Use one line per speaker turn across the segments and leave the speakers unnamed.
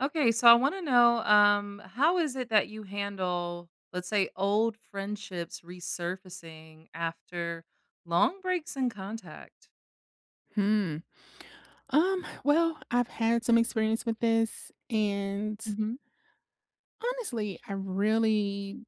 Okay. So I wanna know, um, how is it that you handle, let's say, old friendships resurfacing after long breaks in contact?
Hmm. Um, well, I've had some experience with this. And
Mhm.
honestly, I really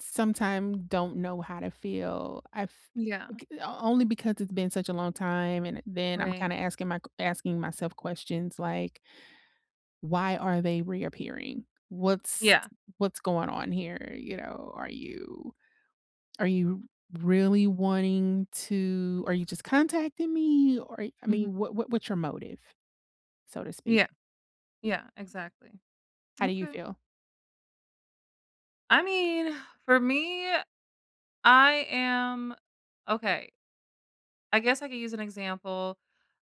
sometime don't know how to feel. I've
Yeah.
only because it's been such a long time and then I'm
Right.
kinda asking my q asking myself questions like "Why are they reappearing? What's
Yeah.
what's going on here, you know, are you are you really wanting to are you just contacting me or I mean,
Mhm.
what what what's your motive?" So to speak.
Yeah. Yeah, exactly.
How do you
Okay.
feel?
I mean, for me, I am okay I guess I could use an example.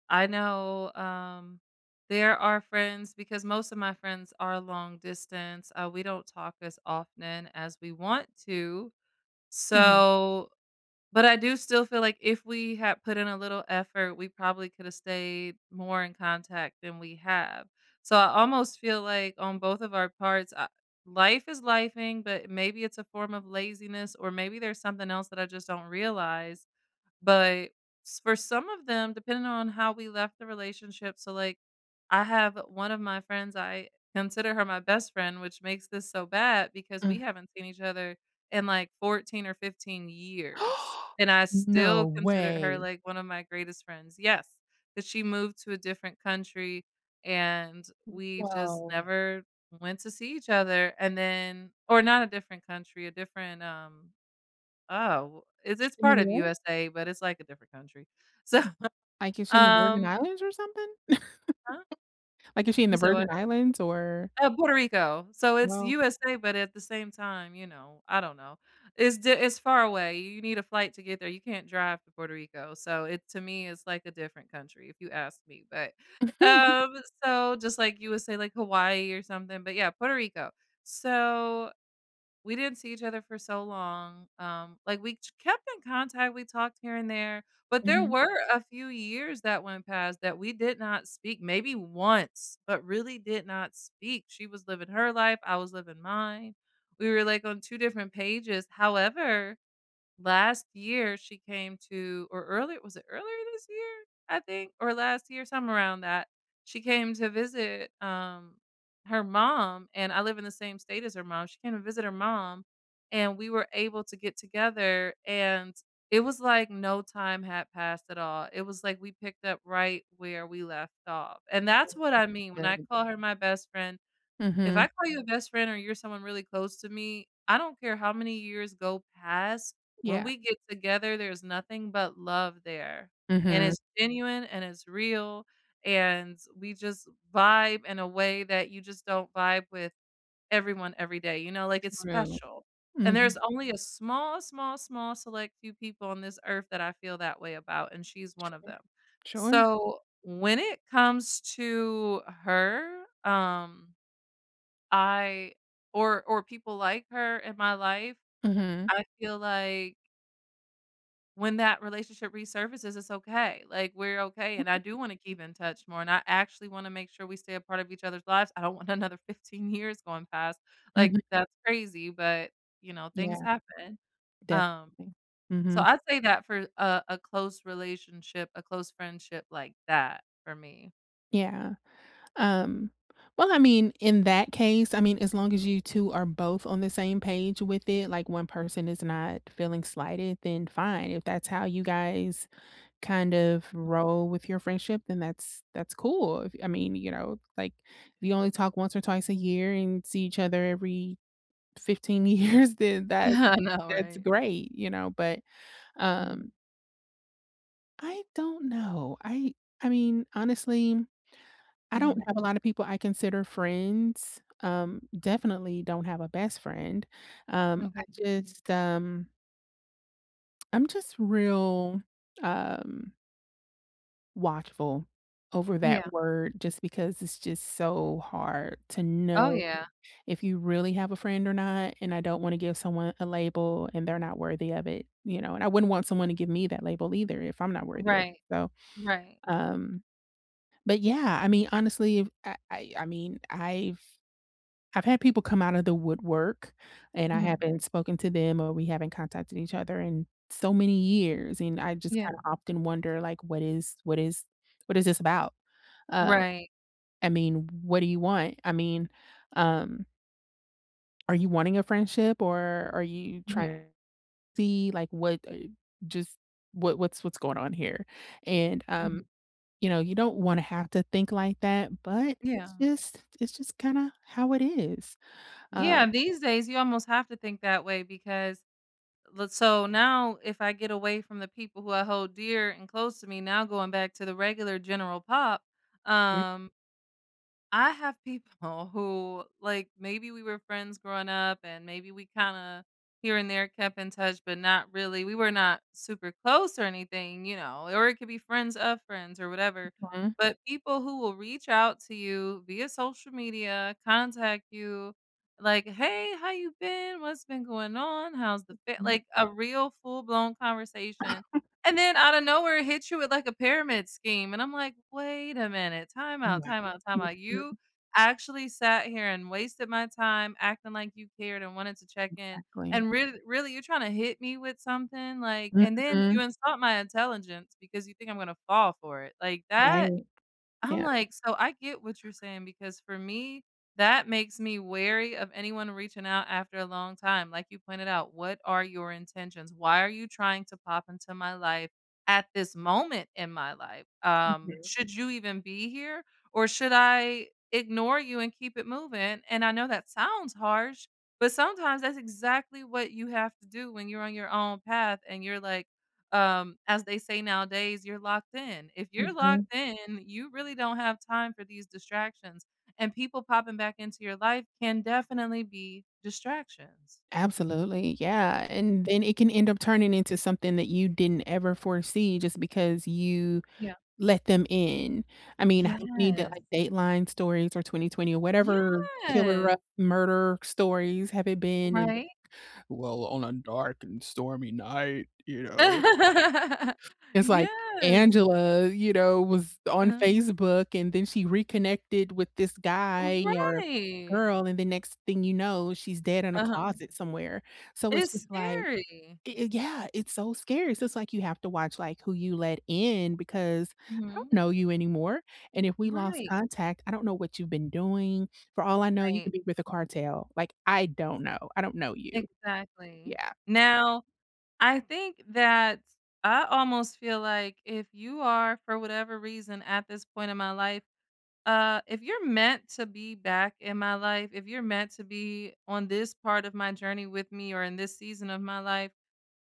I know, um, there are friends because most of my friends are long distance. Uh, we don't talk as often as we want to.
Mhm.
So but I do still feel like if we had put in a little effort, we probably coulda stayed more in contact than we have. So I almost feel like on both of our parts, uh, life is lifing, but maybe it's a form of laziness, or maybe there's something else that I just don't realize. But s for some of them, depending on how we left the relationship so, like, I have one of my friends, I consider her my best friend, which makes this so bad because we
Mm.
haven't seen each other in like 14 or 15 years. And I
No
still consider her,
way.
like, one of my greatest friends. Yes. But she moved to a different country, and we've just
Wow.
never went to see each other. And then or not a different country, a different, um, oh, is this
In the
part of
US?
USA, but it's like a different country. So,
Like is she in the Virgin
um
Islands or something?
Huh?
Like is she in The
You say
Virgin
what?
Islands or
Uh, Puerto Rico. So it's
Whoa.
USA but at the same time, you know, I don't know. Is thi it's far away. You need a flight to get there. You can't drive to Puerto Rico. So, it to me, is like a different country, if you ask me. But, um, so just like you would say, like, Hawaii, or something, but, yeah, Puerto Rico. So, we didn't see each other for so long. Um, like, we kept in contact. We talked here and there, but there
Mhm.
were a few years that went past that we did not speak maybe once but really did not speak. She was living her life. I was living mine. We were, like, on two different pages. However, last year she came to or early was it earlier this year, I think, or last year, somewhere around that. She came to visit, um, her mom, and I live in the same state as her mom. She came to visit her mom, and we were able to get together. And it was like no time had passed at all, it was, like, we picked up right where we left off. And that's what I
[unintelligible]
mean when I
Good.
call her my best friend. If
Mhm.
I call you a best friend, or you're someone really close to me, I don't care how many years go past. When
Yeah.
we get together, there's nothing but love there, and
Mhm.
it's genuine and it's real, and we just vibe in a way that you just don't vibe with everyone every day. You know, like, it's
True.
special. And
Mhm.
there's only a small, small, small, select few people on this earth that I feel that way about and she's one of
Sure.
them.
Sure.
So, when it comes to her, um, I or or people like her in my life,
Mhm.
I feel like when that relationship resurfaces, it's okay. Like, we're okay, and I
[unintelligible]
do wanna keep in touch more. And I actually wanna make sure we stay a part of each other's lives. I don't want another 15 years going past. Like,
Mhm.
that's crazy, but, you know,
Yeah.
things happen. Um,
Definitely.
so
Mhm.
I'd say that for a a close relationship, a close friendship like that for me.
Yeah, um, well, I mean, in that case, I mean, as long as you 2 are both on the same page with it, like, 1 person is not feeling slighted, then fine. If that's how you guys kind of roll with your friendship, then that's that's cool. If, I mean, you know, like, if you only talk once or twice a year and see each other every 15 years, then that
I know,
that's
right?
great, you know, but,
Mhm.
um I don't know. I I mean, honestly, I don't
Mhm.
have a lot of people I consider friends. Um, definitely don't have a best friend. Um, I
Okay.
just, um I'm just real, um watchful over
Yeah.
that word just because it's just so hard to
Oh,
know
yeah.
if you really have a friend or not, and I don't wanna give someone a label and they're not worthy of it, you know? And I wouldn't want someone to give me that label either if I'm not worthy of
Right.
So,
Right.
um But, yeah, I mean, honestly, I've I I I mean, I've I've had people come out of the woodwork, and I
Mhm.
haven't spoken to them or we haven't contacted each other in so many years, and I just
Yeah.
kinda often wonder, like, what is what is what is this about? Uh,
Right.
I mean, what do you want? I mean, um are you wanting a friendship, or are you try
Mhm.
see, like, what, uh, just what what's what's going on here? And,
Mhm.
um, you know, you don't wanna have to think like that, but it's
Yeah.
just it's just kinda how it is. Uh
Yeah, these days, you almost have to think that way because let so, now, if I get away from the people who I hold dear and close to me, now going back to the regular general pop,
M
um I have people who, like, maybe we were friends growing up, and maybe we kinda, here and there, kept in touch, but not really. We were not super close or anything, you know, or it could be friends of friends or whatever,
Huh.
but people who will reach out to you via social media, contact you, like, "Hey, how you been? What's been going on? How's the fa"
Mhm.
like, a real full-blown conversation, and then out of nowhere, hits you with, a pyramid scheme, and I'm like, "Wait a minute. Time out,
Wow,
time out, time out. You
mhm.
actually sat here and wasted my time acting like you cared and wanted to check-in.
Exactly.
And real really, you're trying to hit me with something," like and then you
Mhm.
insult my intelligence because you think I'm gonna fall for it, like, that
Right.
I'm
Yeah.
like so I get what you're saying because, for me, that makes me wary of anyone reaching out after a long time. Like you pointed out, "What are your intentions? Why are you trying to pop into my life at this moment in my life? Um,
Mhm.
should you even be here, or should I ignore you and keep it moving?" And I know that sounds harsh, but sometimes that's exactly what you have to do when you're on your own path and you're like, um, as they say nowadays, "You're locked in." If you're
Mhm.
locked in, you really don't have time for these distractions, and people popping back into your life can definitely be distractions.
Absolutely. Yeah. And then it can end up turning into something that you didn't ever foresee just because you
Yeah.
let them in? I mean, how many, d
Yes.
like, Dateline stories or 20/20 or whatever,
Yes.
killer murder stories have it been in,
Right?
"Well, on a dark and stormy night," you know? It's like,
Yes.
Angela, you know, was on
Uh-huh.
Facebook, and then she reconnected with this guy or
Right!
girl, and the next thing you know, she's dead in a
Uh-huh.
closet somewhere. So it's
It's
just like
scary.
eh eh, yeah, it's so scary. So, it's like you have to watch, like, who you let in because I don't
Mhm.
know you anymore, and if we lost
Right.
contact, I don't know what you've been doing. For
R
all I know, you
right.
could be with the cartel. Like, I don't know. I don't know you.
Exactly.
Yeah.
Now, I think that I almost feel like if you are, for whatever reason, at this point in my life uh, if you're meant to be back in my life, if you're meant to be on this part of my journey with me or in this season of my life,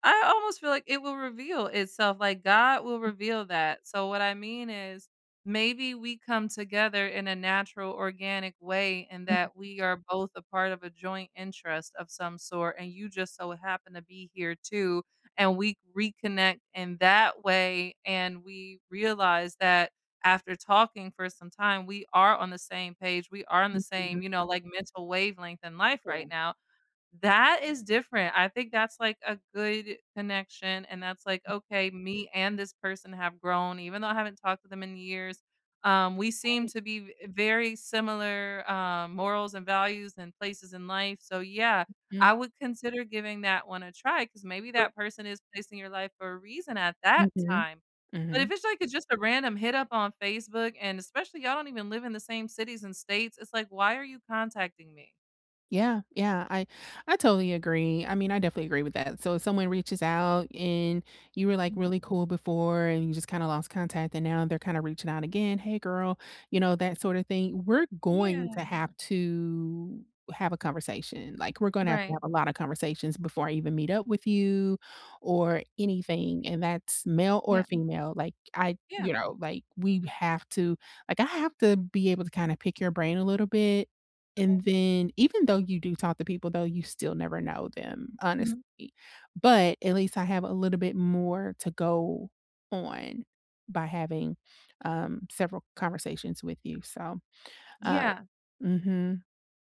I almost feel like it will reveal itself, like, God will
Mm
reveal that. So, what I mean is, maybe we come together in a natural organic way and
Uh-huh.
that we are both a part of a joint interest of some sort, and you just so happen to be here too, and we reconnect in that way, and we realize that after talking for some time, we are on the same page, we are on the
Mhm.
same, you know, like, mental wavelength in life right
Sure.
now. That is different. I think that's, like, a good connection, and that's like,
[unintelligible]
"Okay, me and this person have grown, even though I haven't talked to them in years, um, we seem
Right.
to be v very similar, uh, morals and values and places in life, so, yeah, I
Mhm.
would consider giving that one a try," 'cause maybe
Sure.
that person is placed your life for a reason at that
Mhm.
time. But if
Mhm.
it's like, it's just a random hit up on Facebook, and especially y'all don't even live in the same cities and states, it's like, why are you contacting me?
Yeah. Yeah. I I totally agree, I mean, I definitely agree with that. So, if someone reaches out and you were, like,
Mhm.
really cool before and you just kinda lost contact, and now they're kinda reaching out again, "Hey, girl," you know, that sorta thing, we're going
Yeah.
to have to have a conversation, like, we're gonna have to
Right.
have a lotta conversations before I even meet up with you or anything, and that's male or
Yeah.
female, like, I
Yeah.
you know, like, we have to like, I have to be able to kinda pick your brain a little bit, and
Yeah.
then even though you do talk to people, though, you still never know them, honestly.
Mhm.
But at least I have a little bit more to go on by having, um, several conversations with you. So, uh
Yeah.
Mhm.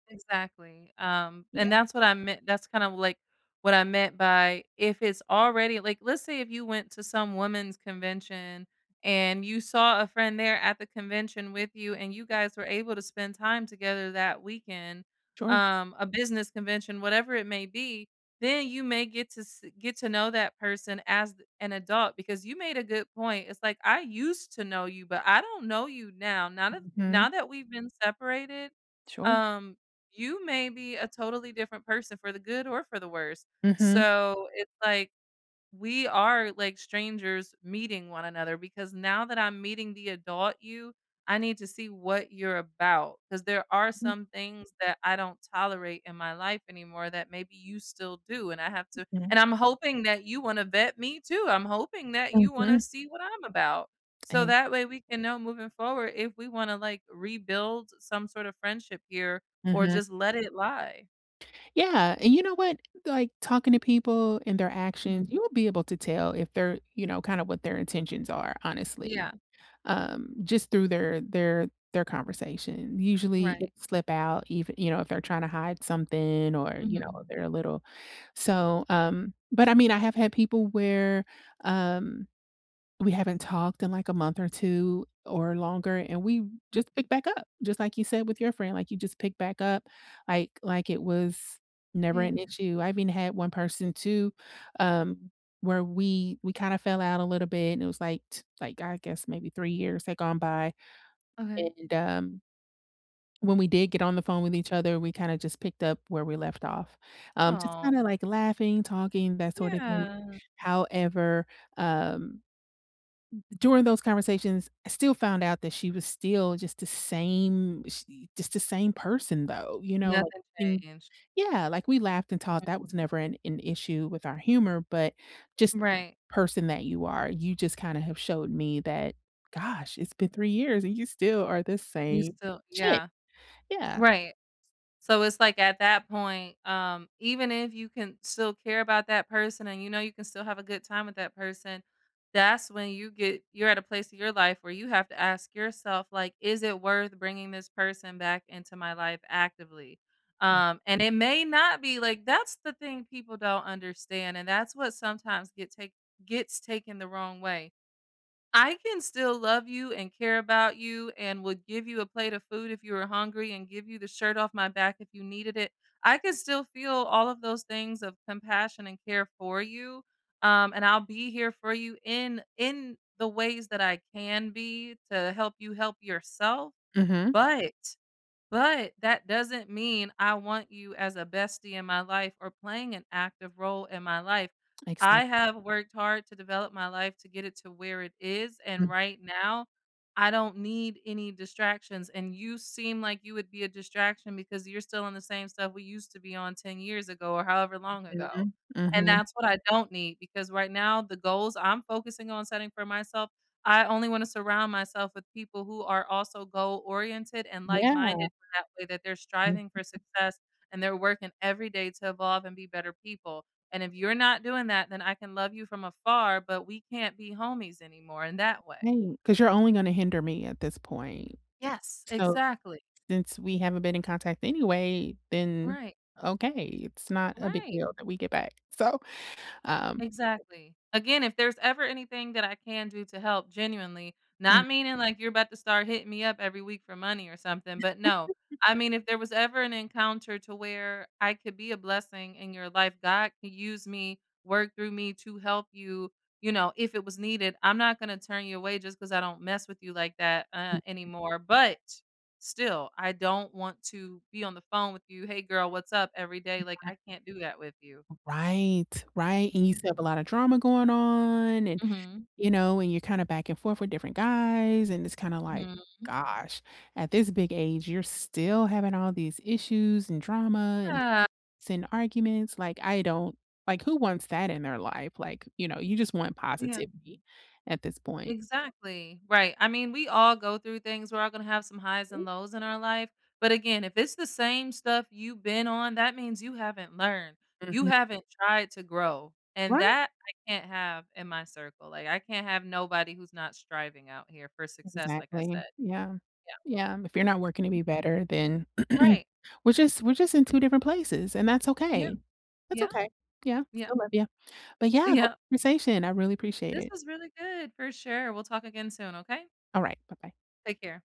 Exactly. Um,
Yeah.
and that's what I meant that's kind of, like, what I meant by if it's already like let's say if you went to some woman's convention and you saw a friend there at the convention with you and you guys were able to spend time together that weekend,
Sure.
um, a business convention, whatever it may be, then you may get to get se get to know that person as th an adult because you made a good point. It's like, I used to know you, but I don't know you now. Now that
Mhm.
now that we've been separated,
Sure.
um, you may be a totally different person for the good or for the worst.
Mhm.
So, it's like, we are, like, strangers meeting one another because now that I'm meeting the adult you, I need to see what you're about, ‘cause there are some things that I don't tolerate in my life anymore that maybe you still do, and I have to
Mhm.
and I'm hoping that you wanna vet me too, I'm hoping that you wanna
Mhm.
see what I'm about. So,
Eh
that way we can know moving forward if we wanna, like, rebuild some sort of friendship here or
Mhm.
just let it lie.
Yeah, and you know what? Like, talking to people and their
Mhm.
actions, you will be able to tell if they're you know, kinda what their intentions are, honestly,
Yeah.
um, just through their their their conversation. Usually, it'd
Right.
slip out, ev you know, if they're trying to hide something or, you
Mhm.
know, they're a little so, um but, I mean, I have had people where, um, we haven't talked in, like, a month or 2 or longer, and we
M
just pick back up just like you said with your friend, like, you just pick back up, like, like, it was never
Yeah.
an issue. I've even had one person too, um, where we we kinda fell out a little bit, and it was, like, like, I guess, maybe 3 years had gone by,
Okay.
and, um when we did get on the phone with each other, we kinda just picked up where we left off. Um, just
Oh.
kinda, like, laughing, talking, that sorta thing.
Yeah.
However, um, during those conversations, I still found out that she was still just the same she just the same person, though, you know? Like,
Nothing
thing
changed.
yeah, like, we laughed and talked, that
Mhm.
was never an an issue with our humor, but just the
Right.
person that you are, you just kinda have showed me that, "Gosh, it's been three years, and you still are the
You
same
still
chick."
Yeah.
Yeah.
Right. So it's like at that point, um, even if you can still care about that person and you know you can still have a good time with that person, that's when you get you're at a place in your life where you have to ask yourself, like, "Is it worth bringing this person back into my life actively?" Um, and it may not be, like, that's the thing people don't understand, and that's what sometimes get take gets taken the wrong way. I can still love you and care about you and would give you a plate of food if you were hungry and give you the shirt off my back if you needed it, I can still feel all of those things of compassion and care for you, um, and I'll be here for you in in the ways that I can be to help you help yourself,
Mhm.
but, but that doesn't mean I want you as a bestie in my life or playing an active role in my life.
Makes sen
I have worked hard to develop my life to get it to where it is, and
Mm.
right now, I don't need any distractions, and you seem like you would be a distraction because you're still on the same stuff we used to be on 10 years ago or however long ago.
Mhm.
And
Mhm.
that's what I don't need because right now, the goals I'm focusing on setting for myself, I only wanna surround myself with people who are also goal-oriented and
Yeah.
like-minded that way that they're striving for success, and they're working every day to evolve and be better people, and if you're not doing that, then I can love you from afar, but we can't be homies anymore in that way.
Right, 'cause you're only gonna hinder me at this point.
Yes,
So,
exactly.
since we haven't been in contact anyway, then,
Right.
okay, it's not a big
Right.
deal that we get back, so, um
Exactly. Again, if there's ever anything that I can do to help, genuinely,
Mm.
not meaning like you're about to start hitting me up every week for money or something, but no, I mean, if there was ever an encounter to where I could be a blessing in your life, God can use me, work through me to help you, you know, if it was needed, I'm not gonna turn you away just 'cause I don't mess with you like that, uh,
Mhm.
anymore, but still, I don't want to be on the phone with you, "Hey, girl, what's up?" Every day, like,
[unintelligible]
I can't do that with you.
Right, right, and you
Mhm.
still have a lotta drama going on and,
Mhm.
you know, and you're kinda back and forth with different guys, and it's kinda like,
Mhm.
"Gosh, at this big age, you're still having all these issues and drama and
Yeah.
s and arguments." Like, I don't like, who wants that in their life? Like, you know, you just want
Yeah.
positivity at this point
Exactly. Right, I mean, we all go through things, we're all gonna have some highs and
Yeah.
lows in our life, but, again, if it's the same stuff you've been on, that means you haven't learned. You
Mhm.
haven't tried to grow, and
Right.
that I can't have in my circle. Like, I can't have nobody who's not striving out here for success, like I
Exactly.
said.
Yeah.
Yeah.
Yeah, if you're not working any better, then
Right.
we're just we're just in two different places, and that's
Yeah.
okay. That's
Yeah.
okay. Yeah.
Yeah.
Still love ya. But, yeah, gr
Yeah.
conversation. I really appreciate
This
it.
was really good. For sure. We'll talk again soon, okay?
Alright. Bye-bye.
Take care.